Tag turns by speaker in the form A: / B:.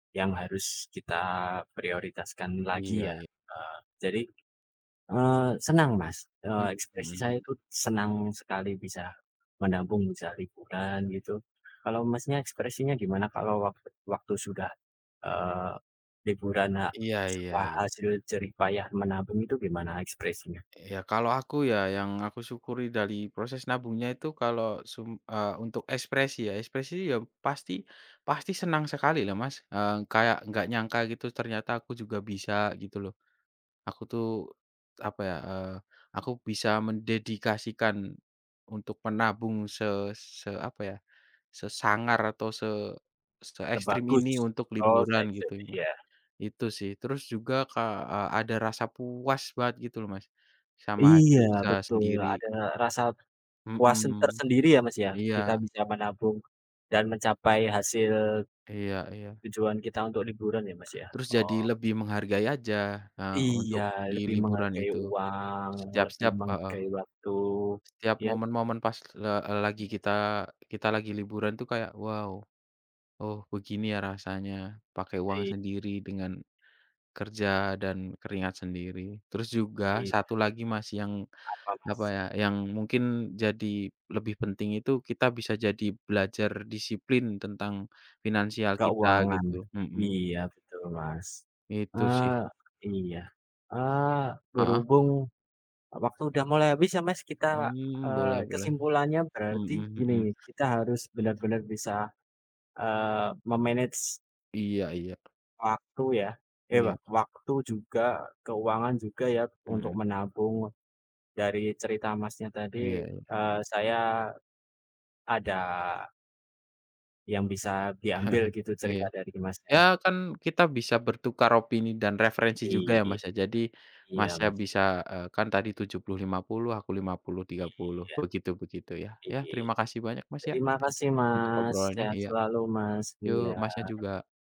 A: Yang harus kita prioritaskan lagi
B: Iya
A: ya.
B: i
A: Eee, jadi, eee, senang Mas,
B: Mhm
A: eee,
B: mhm
A: ekspresi saya
B: mhm.
A: itu senang sekali bisa menabung, bisa liburan gitu. Kalau Masnya ekspresinya gimana kalau wak waktu sudah, eee, liburan, ha
B: Iya iya
A: setelah
B: iya.
A: hasil jerih payah menabung itu gimana ekspresinya?
B: Ya kalau aku ya, yang aku syukuri dari proses nabungnya itu kalau sum eee, untuk ekspresi ya ekspresi ya pasti pasti senang sekali lah Mas. Eee, kayak enggak nyangka gitu ternyata aku juga bisa gitu loh. Aku tuh apa ya, eee, aku bisa mendedikasikan untuk menabung se se apa ya, sesangar atau se
A: Te
B: seekstrem
A: bagus.
B: ini untuk
A: Oh,
B: liburan gitu
A: seekstrem
B: ya Mas.
A: iya.
B: Itu sih. Terus juga ka eee, ada rasa puas banget gitu loh Mas sama
A: Iya,
B: hasil usaha
A: betul.
B: sendiri.
A: Ada rasa puas sen
B: Mhm,
A: tersendiri ya Mas ya, kita
B: iya.
A: bisa menabung dan mencapai hasil
B: Iya iya.
A: tujuan kita untuk liburan ya Mas ya.
B: Terus jadi
A: Oh.
B: lebih menghargai aja, eee,
A: Iya,
B: untuk di
A: lebih
B: liburan
A: menghargai
B: itu.
A: uang, lebih
B: Setiap-setiap heeh.
A: menghargai waktu,
B: Setiap
A: ya.
B: momen-momen pas le eee, lagi kita
A: iya.
B: kita lagi liburan tuh kayak, wow, oh begini ya rasanya pakai uang
A: Iy
B: sendiri dengan kerja dan keringat sendiri. Terus juga
A: Iya.
B: satu lagi Mas yang
A: Apa
B: apa
A: Mas?
B: ya, yang mungkin jadi lebih penting itu kita bisa jadi belajar disiplin tentang finansial kita
A: Keuangan.
B: gitu. Mhm.
A: Iya betul Mas.
B: Itu sih.
A: Eee, iya. Eee,
B: Heeh.
A: berhubung waktu udah mulai habis ya Mas, kita,
B: Hmm, boleh
A: eee,
B: boleh.
A: kesimpulannya berarti
B: Mhm mhm.
A: gini, kita harus benar-benar bisa, eee, me-manage
B: Iya iya.
A: waktu ya eh, wak
B: Iya.
A: waktu juga keuangan juga, ya untuk
B: Mhm.
A: menabung. Dari cerita Masnya tadi,
B: Iya iya.
A: eh, saya ada yang bisa diambil gitu cerita
B: Iya.
A: dari
B: Ya
A: Masnya.
B: kan kita bisa bertukar opini dan referensi juga ya
A: Iya,
B: Mas ya. Jadi
A: iya
B: Masnya
A: Mas.
B: bisa, eee, kan tadi 70, 50, aku 50, 30,
A: Iya.
B: begitu-begitu ya.
A: I
B: Ya terima kasih banyak Mas ya,
A: terima
B: eee,
A: kasih
B: untuk
A: Mas,
B: obrolannya.
A: sehat
B: Iya.
A: selalu Mas, iya.
B: Yuk Masnya juga.